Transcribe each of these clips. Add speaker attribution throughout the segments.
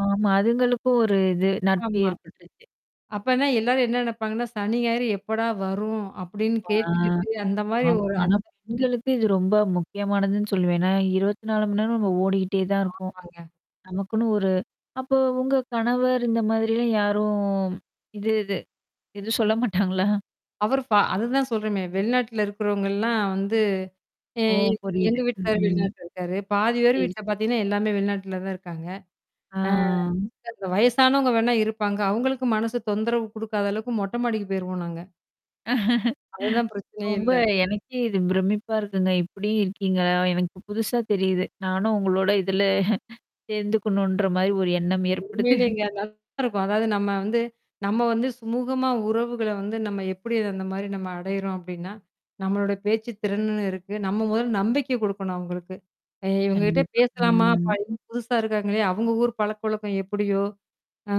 Speaker 1: ஆமா. அதுங்களுக்கும் ஒரு இது, நட்பு
Speaker 2: ஆமா.
Speaker 1: ஏற்பட்டுருச்சு.
Speaker 2: அப்பனா, எல்லாரும் என்ன நெனப்பாங்கன்னா, சனி, ஞாயிறு எப்படா வரும் அப்பிடின்னு
Speaker 1: ஆ.
Speaker 2: கேட்டுக்கிட்டு, அந்தமாரி
Speaker 1: ஆமா.
Speaker 2: ஒரு
Speaker 1: ஆனா,
Speaker 2: அந்த
Speaker 1: பெண்களுக்கு இது ரொம்ப முக்கியமானதுன்னு சொல்லுவேன். ஏன்னா, 24 மணி நேரம் நம்ம ஓடிக்கிட்டே தான் இருக்கோம்.
Speaker 2: ஆமாங்க.
Speaker 1: நமக்குன்னு ஒரு அப்போ உங்க கணவர் இந்தமாதிரிலாம் யாரும் இது, இது. இது சொல்ல மாட்டாங்களா?
Speaker 2: அவரு ப அதுதான் சொல்றேமே! வெளிநாட்டுல இருக்கிறவங்கல்லாம் வந்து ஏ,
Speaker 1: ஓ!
Speaker 2: எ எங்க
Speaker 1: புரியுது.
Speaker 2: வீட்டுகாரர்
Speaker 1: ம்.
Speaker 2: வெளிநாட்டுல இருக்காரு. பாதி பேர்
Speaker 1: செரி,
Speaker 2: வீட்ல
Speaker 1: செரி.
Speaker 2: பாத்தீங்கன்னா, எல்லாமே வெளிநாட்டுல தான் இருக்காங்க.
Speaker 1: ஆ.
Speaker 2: ஆ, இந்த வயசானவங்க வேணா இருப்பாங்க. அவுங்களுக்கும் மனசு தொந்தரவு குடுக்காத அளவுக்கு, மொட்ட மாடிக்கு போயிருவோம் நாங்க. அதுலாம் பிரச்சனயே
Speaker 1: ரொம்ப
Speaker 2: இல்ல.
Speaker 1: எனக்கே இது பிரமிப்பா இருக்குங்க. இப்பிடி இருக்கீங்களா? எனக்கு புதுசா தெரியுது. நானும் உங்களோட இதுல சேர்ந்துக்கணுன்றமாரி ஒரு எண்ணம் ஏற்படுது.
Speaker 2: உண்மையிலேங்க, நல்லா இருக்கும். அதாவது, நம்ம வந்து நம்ம வந்து சுமூகமா உறவுகள வந்து நம்ம எப்பிடி அந்தமாரி நம்ம அடையிறோம் அப்பிடின்னா, நம்மளோட பேச்சு திறன்னு இருக்கு. நம்ம முதல்ல நம்பிக்கை குடுக்கணும் அவுங்களுக்கு. ஏ இவுங்ககிட்ட
Speaker 1: கண்டிப்பா.
Speaker 2: பேசலாமா!
Speaker 1: ம்.
Speaker 2: பையன் புதுசா இருக்காங்களே! அவுங்க ஊர் பழக்க வழக்கம் எப்பிடியோ! ஆ,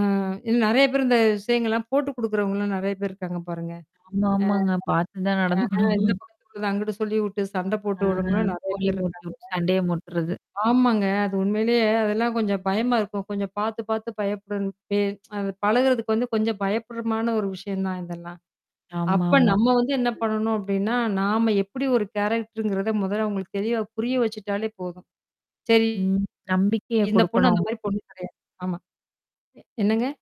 Speaker 2: இன்னு நெறைய பேர் இந்த விஷயங்கள்லாம் போட்டு குடுக்கிறவங்களும் நெறைய பேர் இருக்காங்க, பாருங்க.
Speaker 1: ஆமா, ஆமாங்க. பாத்து தான்
Speaker 2: ஆ, ஆ,
Speaker 1: நடந்துக்கணும்.
Speaker 2: இந்த பக்கட்டு உள்ளத அங்கிட்டு சொல்லி விட்டு சண்டை
Speaker 1: ஆ
Speaker 2: போட்டு விட்றவங்களும், நெறைய
Speaker 1: கோலி
Speaker 2: பேர் இருக்காங்க.
Speaker 1: மூட்டிவுட்டு சண்டைய முட்றது.
Speaker 2: ஆமாங்க. அது உண்மையிலே அதெல்லாம் கொஞ்சம் பயமா இருக்கும். கொஞ்சம் பாத்து, பாத்து பயப்படணும், பே அந்த பழகுறதுக்கு வந்து, கொஞ்சம் பயப்பட்றமான ஒரு விஷயம் தான் இதெல்லாம். அப்ப
Speaker 1: ஆமாமா.
Speaker 2: நம்ம வந்து என்ன
Speaker 1: ம்.
Speaker 2: பண்ணணும் அப்பிடின்னா, நாம எப்படி ஒரு கேரக்டர்ங்கிறத முதல்ல அவுங்களுக்கு, தெளிவா புரிய வச்சுட்டாலே போதும். செரி.
Speaker 1: ம். நம்பிக்கைய
Speaker 2: இந்த பொண்ணு
Speaker 1: குடுக்கணும்.
Speaker 2: அந்தமாரி பொண்ணு கெடையாது. ஆமா, என்னங்க?